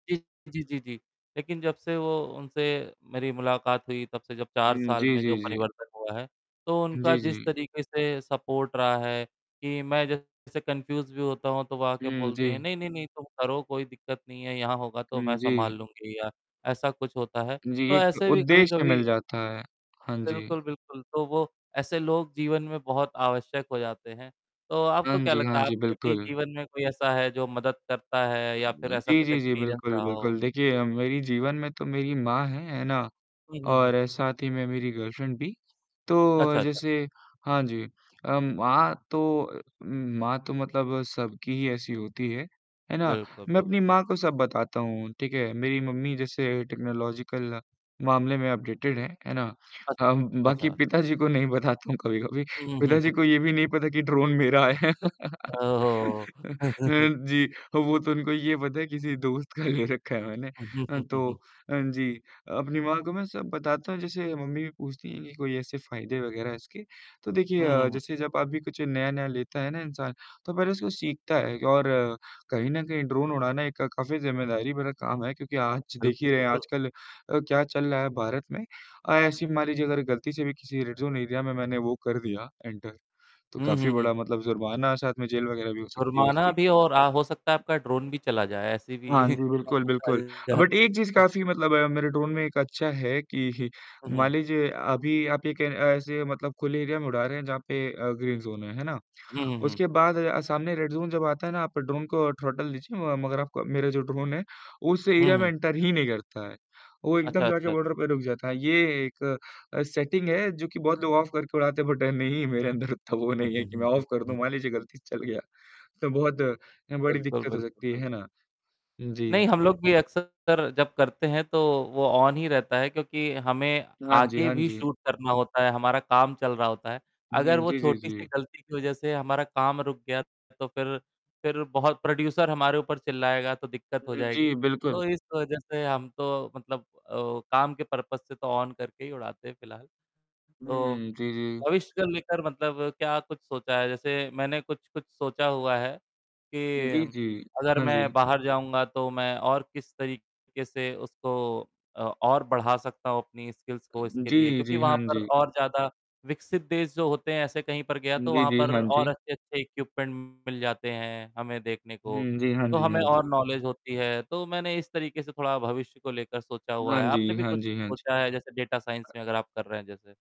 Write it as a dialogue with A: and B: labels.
A: जी जी, जी, जी, लेकिन जब से उनसे मेरी मुलाकात हुई, तब से जब 4
B: हुँ,
A: साल
B: जी,
A: में जो
B: जी, जी।
A: परिवर्तन हुआ है, तो उनका
B: जी,
A: जिस
B: जी।
A: तरीके से सपोर्ट रहा है, कि मैं जैसे कन्फ्यूज़ भी होता हूँ, तो वो आके
B: हुँ,
A: बोलते हैं,
B: जी।
A: "नहीं, नहीं, नहीं, तुम करो, कोई दिक्कत नहीं है, यहाँ होगा तो
B: हुँ,
A: मैं सँभाल
B: जी।
A: लूँगी।" या ऐसा कुछ होता है,
B: जी,
A: तो
B: एक
A: ऐसे भी
B: उद्देश्य
A: कभी-कभी
B: मिल जाता है, हाँ जी।
A: बिल्कुल, बिल्कुल, तो वो ऐसे लोग जीवन में बहुत आवश्यक हो जाते हैं, तो
B: हाँ
A: आपको क्या
B: जी,
A: लगता
B: हाँ
A: है
B: जी,
A: आपके भी
B: बिल्कुल।
A: जीवन में कोई ऐसा है जो मदद करता है या फिर ऐसा
B: जी,
A: कुछ
B: जी, जी,
A: एक्सपीरियंस
B: बिल्कुल,
A: रहा हो।
B: बिल्कुल। देखिए, अ, मेरे जीवन में तो मेरी माँ हैं, है ना?
A: हुँ, हुँ, हुँ।
B: और साथ ही में मेरी गर्लफ्रेंड भी।
A: अच्छा,
B: तो
A: अच्छा।
B: जैसे हाँ जी, अ, माँ तो मतलब सबकी ही ऐसी होती हैं, है ना?
A: बिल्कुल,
B: मैं अपनी
A: बिल्कुल, बिल्क
B: माँ को सब बताता हूँ, ठीक है? मेरी मम्मी जैसे टेक्नोलॉजिकल मामले में अपडेटेड हैं, है ना?
A: अच्छा,
B: हाँ म बाकी
A: अच्छा।
B: पिताजी को नहीं बताता हूँ कभी-कभी।
A: हुँ, हुँ, हुँ, हुँ।
B: पिताजी को ये भी नहीं पता कि ड्रोन मेरा है।
A: ओहो।
B: जी, वो तो उनको तो ये पता है किसी दोस्त का ले रखा है मैंने। अ, तो हाँ जी, अपनी माँ को मैं सब बताता हूँ, जैसे मम्मी भी पूछती हैं कि कोई ऐसे फायदे वगैरह हैं इसके? तो देखिए,
A: हुँ,
B: अ,
A: हुँ, हुँ।
B: जैसे जब आप कुछ नया-नया लेते हैं ना इंसान, तो पहले उसको सीखता है और कहीं न कहीं ड्रोन उड़ाना एक काफ़ी ज़िम्मेदारी भरा काम है क्योंकि आज देख
A: बिल्कुल,
B: ही रहे हैं,
A: बिल्कुल।
B: आजकल अ, क्या चल रहा है भारत में। अ, ऐसे मान लीजिए अगर गलती से भी किसी रेड ज़ोन एरिया में मैंने वो कर दिया, एंटर तो
A: हुँ,
B: काफ़ी
A: हुँ, हुँ।
B: बड़ा मतलब जुर्माना, साथ में जेल वगैरह भी हो सकती है
A: जुर्माना
B: उसकी।
A: भी और अ, हो सकता है आपका ड्रोन भी चला जाए, ऐसे
B: हाँ
A: भी
B: जी, बिल्कुल बिल्कुल, बट 1 चीज़
A: [unintelligible]
B: काफ़ी मतलब मेरे ड्रोन में अच्छी है कि
A: हुँ,
B: मान
A: हुँ।
B: लीजिए अभी आप एक ऐसे मतलब खुले एरिया में उड़ा रहे हैं जहाँ पे अ, ग्रीन ज़ोन है, है ना?
A: हुँ, हुँ, हुँ।
B: उसके बाद सामने रेड ज़ोन जब आता है ना? आप ड्रोन को थ्रॉटल दीजिए, मगर आपका मेरा जो ड्रोन है, उस
A: हुँ,
B: एरिया में
A: हुँ।
B: एंटर ही नहीं करता है। वो
A: अच्छा,
B: एकदम जाकर
A: अच्छा,
B: बॉर्डर
A: अच्छा।
B: पे रुक जाता है, ये एक अ, सेटिंग है, जो कि बहुत लोग ऑफ करके उड़ाते हैं, बट नहीं, मेरे अंदर इतना वो
A: हुँ,
B: नहीं है
A: हुँ,
B: कि मैं
A: हुँ, हुँ,
B: ऑफ कर दूँ।
A: हुँ।
B: मान लीजिए गलती से चल गया, तो बहुत बड़ी
A: बिल्कुल,
B: दिक्कत हो
A: बिल्कुल,
B: सकती
A: बिल्कुल।
B: है, है ना?
A: नहीं,
B: जी।
A: हम लोग भी अक्सर जब करते हैं तो वो ऑन ही रहता है क्योंकि हमें
B: हाँ जी,
A: आगे
B: हाँ
A: भी
B: जी।
A: शूट करना होता है, हमारा काम चल रहा होता है। अगर
B: हुँ,
A: वो
B: जी, जी,
A: छोटी-सी
B: जी।
A: गलती की वजह से हमारा काम रुक गया तो फिर फिर प्रोड्यूसर हमारे ऊपर चिल्लाएगा, तो दिक्कत हो
B: हुँ,
A: जाएगी।
B: जी, बिल्कुल।
A: तो इस वजह से हम तो मतलब अ, काम के पर्पज़ से तो ऑन करके ही उड़ाते हैं फिलहाल।
B: हुँ,
A: तो
B: हुँ, जी, जी।
A: भविष्य को लेकर मतलब क्या कुछ सोचा है? जैसे मैंने कुछ-कुछ सोचा हुआ है,
B: जी,
A: कि
B: जी,
A: अगर
B: हाँ जी।
A: मैं बाहर जाऊँगा तो मैं और किस तरीके से उसको अ, और बढ़ा सकता हूँ, अपनी स्किल्स को, इसके लिए
B: जी,
A: क्योंकि
B: जी, हाँ
A: वहाँ पर
B: जी।
A: और ज़्यादा विकसित देश जो होते हैं, ऐसे कहीं पर गया तो
B: जी,
A: वहाँ
B: जी,
A: पर
B: हाँ
A: और
B: जी।
A: अच्छे-अच्छे इक्विपमेंट मिल जाते हैं हमें देखने को,
B: हुँ, जी, हाँ
A: तो
B: जी, हाँ
A: हमें
B: जी।
A: और नॉलेज होती है। तो मैंने इस तरीके से थोड़ा भविष्य को लेकर सोचा हुआ
B: हाँ
A: है,
B: जी,
A: आपने भी
B: हाँ
A: कुछ
B: जी, हाँ जी।
A: सोचा है? जैसे डाटा साइंस
B: अ
A: में अगर आप कर रहे हैं जैसे?